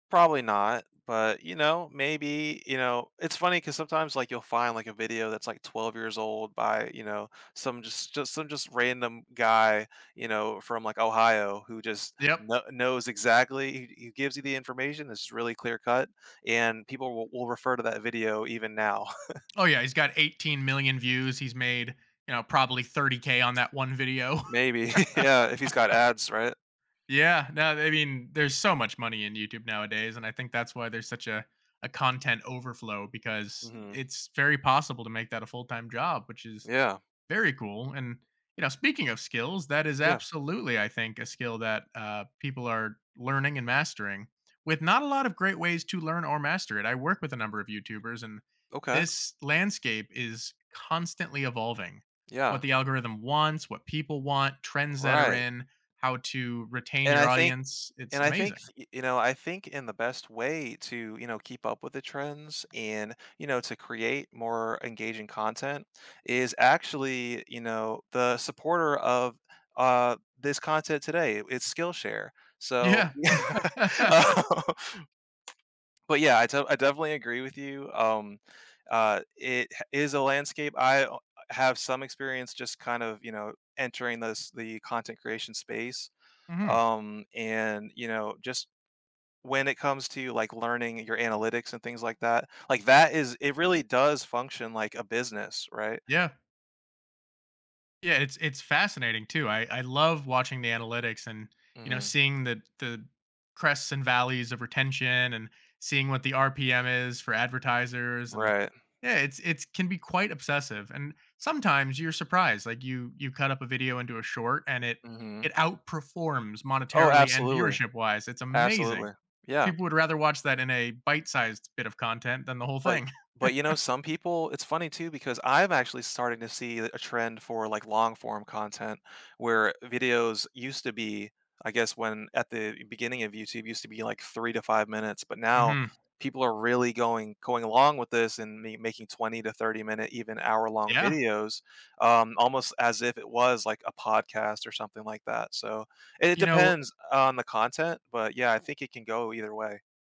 Probably not, but, you know, maybe, you know it's funny, 'cause sometimes, like, you'll find, like, a video that's, like, 12 years old by, you know, some just just some just random guy, you know, from, like, Ohio who just Yep. kno knows exactly he he gives you the information, it's really clear-cut, and people will will refer to that video, even now. Oh yeah, he's got 18,000,000 views. He's made, you know, probably 30k on that one video. Maybe, yeah, if he's got ads, right? Yeah, no, th I mean, there's so much money in YouTube nowadays, and I think that's why there's such a a content overflow, because Mhm. it's very possible to make that a full-time job, which is Yeah. very cool, and, you know, speaking of skills, that is Yeah. absolutely, I think, a skill that, uh, people are learning and mastering, with not a lot of great ways to learn or master it. I work with a number of YouTubers and Okay. this landscape is constantly evolving. What Yeah. the algorithm wants, what people want, trends that are Right. in, how to retain And your I think audience, it's and I think, s amazing. y you know, I think in the best way to, you know, keep up with the trends, and, you know, to create more engaging content is actually, you know, the supporter of, uh, this content today, i it's Skillshare, so Yeah. yeah oh But yeah, I de I definitely agree with you, um, uh, it h is a landscape. I oh, uh, have some experience, just kind of, you know, entering this the content creation space, Mhm. um, and, you know, just when it comes to, like, learning your analytics and things like that, like, that is it really does function like a business, right? Yeah. Yeah, it's it's fascinating too, I I love watching the analytics, and, you know, Mhm. seeing the the crests and valleys of retention, and seeing what the RPM is for advertisers, and, Right. yeah, it's it's can be quite obsessive, and sometimes you're surprised, like, you you cut up a video into a short, and it it Mhm. outperforms Oh, monetarily and absolutely. viewership-wise, it's amazing. Absolutely. Yeah. People would rather watch that in a bite-sized bit of content than the whole But y thing. but you know, some people it's funny too, because I'm actually starting to see the a trend for, like, long-form content where videos used to be, I guess, when at the b beginning of YouTube used to be, like, 3 to 5 minutes, but now, Mhm. people are really going going along with this, and me making 20 to 30 minute, even hour-long Yeah. videos, um, almost as if it was like a podcast or something like that, so it You know depends on the content, but yeah, I think it can go either way.